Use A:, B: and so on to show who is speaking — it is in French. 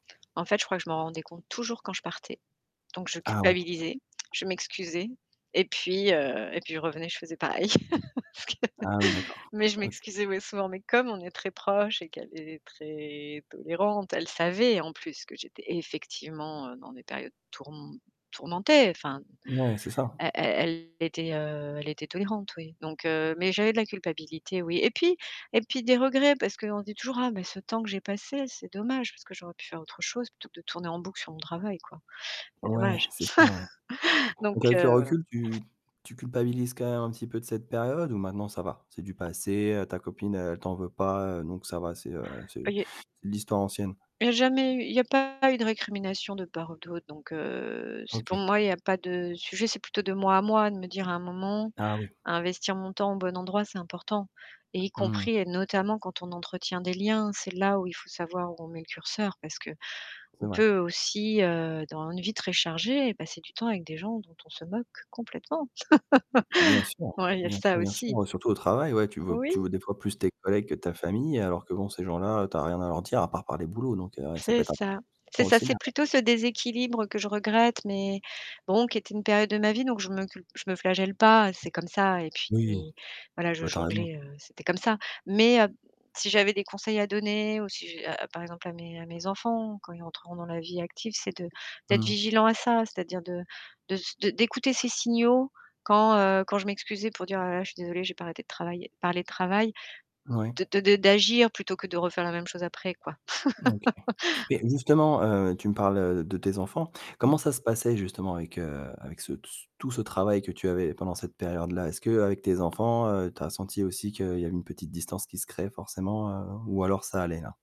A: En fait, je crois que je m'en rendais compte toujours quand je partais. Donc je
B: Ah oui.
A: culpabilisais, je m'excusais et puis, heu, et puis, je revenais, je faisais pareil.
B: Ah oui, d'accord,
A: Mais je
B: OK.
A: m'excusais, mais souvent, mais comme on est très proche et qu'elle est très tolérante, elle savait, en plus, que j'étais effectivement dans des périodes tourm tourmentées, enfin,
B: Ouais, c'est ça.
A: elle elle elle était, heu, elle était tolérante, oui. Donc, heu, mais, j'avais de la culpabilité, oui et puis, et puis, des regrets parce qu'on dit toujours: «Oh mais ce temps que j'ai passé, c'est dommage, parce que j'aurais pu faire autre chose plutôt que de tourner en boucle sur mon travail, quoi. C'est
B: Ouais,
A: dommage».
B: c'est ça, ouais.
A: Donc,
B: Donc avec le
A: heu, voilà.
B: recul, tu tu culpabilises quand même un petit peu de cette période ou maintenant ça va? C'est du passé, heu, ta copine, heu, elle t'en veut pas donc ça va, c'est heu, c'est
A: Ça y est.
B: c'est de l'histoire ancienne?
A: Il y a jamais eu, il y a pas eu de récrimination de part ou d'autre. Donc heu, c'est pour
B: OK.
A: moi, il y a pas de sujet, c'est plutôt de moi à moi de me dire à un moment,
B: Ah oui.
A: investir mon temps au bon endroit, c'est important et y
B: Mmh.
A: compris et notamment, quand on entretient des liens, c'est là où il faut savoir où on met le curseur parce qu'on
B: C'est vrai.
A: peut aussi, heu, dans une vie très chargée, passer du temps avec des gens dont on se moque complètement.
B: Bien sûr,
A: Ouais, il y a
B: bien sûr,
A: ça
B: bien
A: aussi.
B: sûr, heu, surtout au travail, ouais, tu veux tu
A: Oui.
B: vois des fois plus tes collègues que ta famille, alors que bon, ces gens-là, tu as rien à leur dire, à part parler boulot, donc, heu, ça peut
A: C'est
B: être
A: ça,
B: [unintelligible]
A: c'est ça,
B: aussi
A: c'est
B: [unintelligible]
A: plutôt ce déséquilibre que je regrette, mais bon qui était une période de ma vie, donc je me culp je me flagelle pas, c'est comme ça et puis,
B: Oui,
A: voilà, je
B: bah, tu as raison.
A: jonglais, heu, c'était comme ça. Mais heu, si j'avais des conseils à donner ou si, j'a a par exemple, à mes à mes enfants quand ils rentreront dans la vie active, c'est de d'être
B: Mmh.
A: vigilant à ça, c'est-à-dire de de ce d'écouter ces signaux quand, heu, quand je m'excusais pour dire: «Oh là là, je suis désolée, j'ai pas arrêté de travailler parler de travail»,
B: Ouais.
A: de de d'agir plutôt que de refaire la même chose après, quoi.
B: OK. Mais justement, tu me parles, heu, de tes enfants.
A: Mmh.
B: Comment ça se passait justement avec, heu, avec ce tout ce travail que tu avais pendant cette période-là? Est-ce que, heu, avec tes enfants, heu, tu as senti aussi qu'il y avait une petite distance qui se crée forcément, heu ou alors ça allait là?